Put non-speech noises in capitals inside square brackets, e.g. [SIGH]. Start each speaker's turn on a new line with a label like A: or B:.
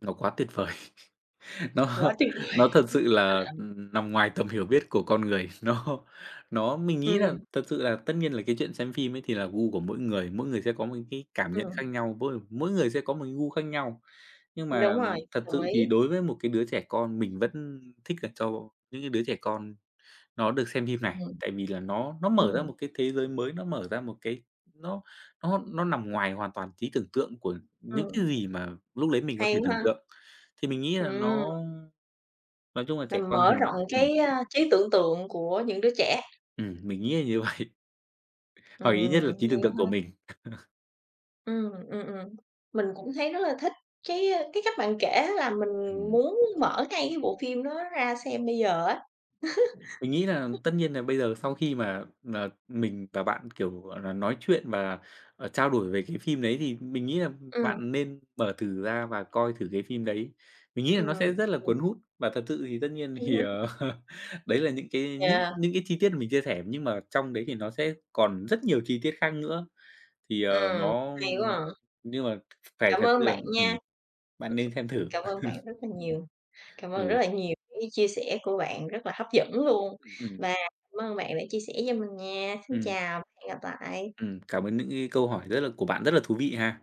A: Nó quá tuyệt vời! Nó
B: Quá tuyệt vời!
A: nó thật sự là,
B: [LAUGHS]
A: ừm, nằm ngoài tầm hiểu biết của con người. Nó nó mình nghĩ nà
B: Ừm.
A: thật sự là tất nhiên là cái chuyện xem phim ấy thì là gu của mỗi người, mỗi người sẽ có một cái cảm nhận khác
B: Ừm.
A: nhau, mỗi mỗi người sẽ có một cái gu khác nhau, nhưng mà
B: Đúng rồi.
A: thật
B: Đồng
A: sự thì
B: ý.
A: đối với một cái đứa trẻ con mình vẫn thích là cho những cái đứa trẻ con nó được xem phim này.
B: Ừm.
A: Tại vì là nó nó mở ra
B: Ừm.
A: một cái thế giới mới, nó mở ra một cái nó nó nó nằm ngoài hoàn toàn trí tưởng tượng của những cái
B: Ừm.
A: gì mà lúc đấy mình có thể
B: Hay quá
A: tưởng
B: ha!
A: tượng. Thì mình nghĩ là
B: Ừm.
A: nó nói chung là trẻ
B: Mình
A: con thì
B: mở rộng
A: ừm.
B: cái, a, trí tưởng tượng của những đứa trẻ?
A: Ừm, mình nghĩ là như vậy.
B: Ừm,
A: Hoặc ít nhất là trí
B: hay
A: tưởng
B: quá
A: tượng của
B: ha.
A: mình. [CHUCKLES]
B: Ừm, ừm, ừm. Mình cũng thấy rất là thích cái, ơ, cái cách bạn kể á là mình
A: Ừm.
B: muốn mở ngay cái bộ phim đó ra xem bây giờ á.
A: Mình nghĩ là tất nhiên là
B: [LAUGHS]
A: bây giờ sau khi mà, ờ, mình và bạn, kiểu, gọi nà, nói chuyện và, ờ, trao đổi về cái phim đấy thì mình nghĩ là, ừm,
B: Ừm.
A: bạn nên mở thử ra và coi thử cái phim đấy. Mình nghĩ là
B: Ừm.
A: nó sẽ rất là
B: Ừm.
A: cuốn hút và thật sự thì tất nhiên
B: Ưm
A: thì,
B: hưm.
A: ờ, [CHUCKLES] đấy là những cái những
B: Yeah.
A: những cái chi tiết mà mình chia sẻ, nhưng mà trong đấy thì nó sẽ còn rất nhiều chi tiết khác nữa. Thì, ờ,
B: Ừm.
A: nó,
B: Hay quá
A: ưm
B: à.
A: nhưng mà phải
B: Cảm
A: thật
B: ơn
A: sự,
B: bạn
A: ờ,
B: nha.
A: ừm bạn nên
B: [CHUCKLES]
A: xem thử.
B: Cảm ơn bạn
A: [CHUCKLES]
B: rất là nhiều. Cảm ơn rất
A: Ừ.
B: là nhiều những cái chia sẻ của bạn rất là hấp dẫn luôn.
A: Ừm.
B: Và cảm ơn bạn đã chia sẻ cho mình nha. Xin
A: Ừm.
B: chào, hẹn gặp lại!
A: Ừm, cảm ơn những cái câu hỏi rất là của bạn rất là thú vị ha!